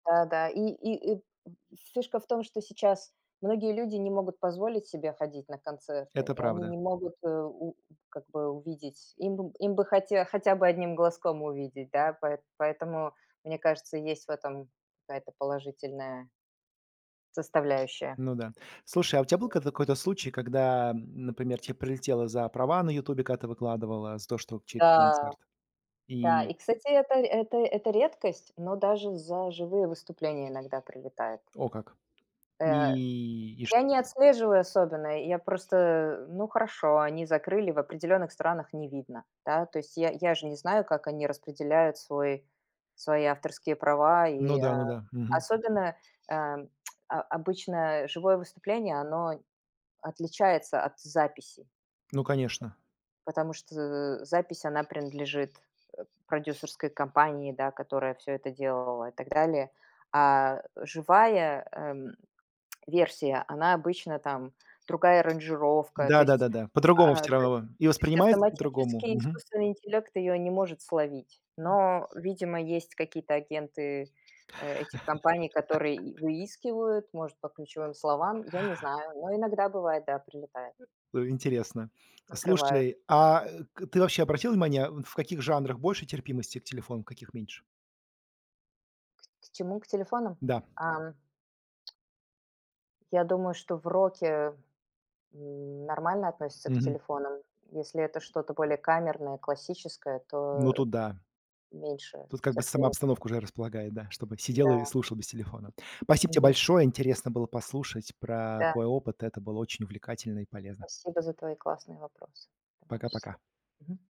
Да, да. И ни и, и фишка в том, что сейчас многие люди не могут позволить себе ходить на концерты. Это И они правда. не могут, э, у, как бы, увидеть Им, им бы хоте хотя бы одним глазком увидеть, да. Поэ поэтому, мне кажется, есть в этом какая-то положительная составляющая. Ну да. Слушай, а у тебя был кад какой-то случай, когда, м, например, тебе прилетело за права на "Ютубе", когда ты выкладывала. За то, что чей-то Да. концерт? Да, и, И кстати, это это это редкость. Но даже за живые выступления иногда прилетает. О как. Э, И, и шт я не отслеживаю особенно. Я просто Ну, хорошо, они закрыли, в определенных странах не видно, да. То есть я, я ж не знаю, как они распределяют свой свои авторские права, Ну и, да, а. ну да. Мгм. Особенно, а, а, обычное живое выступление, оно отличается от записи. Ну конечно. Потому что з запись, она принадлежит, э, продюсерской компании, да, которая всё это делала и так далее. А живая, э, м, версия, она обычно там Другая аранжировка. То Да да есть да да. По-другому всё ат То равно и есть воспринимается по-другому. автоматически Мгм. искусственный интеллект ее не может словить. Но, видимо, есть какие-то агенты, э, этих компаний, которые выискивают, может, по ключевым словам. Я не знаю. Но иногда бывает, да, прилетает. Ну, интересно. Закрывают. Слушайте, а, к, ты вообще обратил внимание, в, ф, каких жанрах больше терпимости к телефону, каких меньше? К к чему? К телефонам. Да. А. Я думаю, что в роке, м, нормально относятся к Мгм. телефонам. Если это что-то более камерное, классическое, Ну то тут да. меньше Тут как бы сама терпимости. обстановка уже располагает, да, чтобы сидел, а, и Да. слушал без телефона. Спасибо тебе Мгм. большое, интересно было послушать про Да. твой опыт. Это было очень увлекательно и полезно. Спасибо за твои классные вопросы. Давай, Пока-пока. счастливо. Мгм.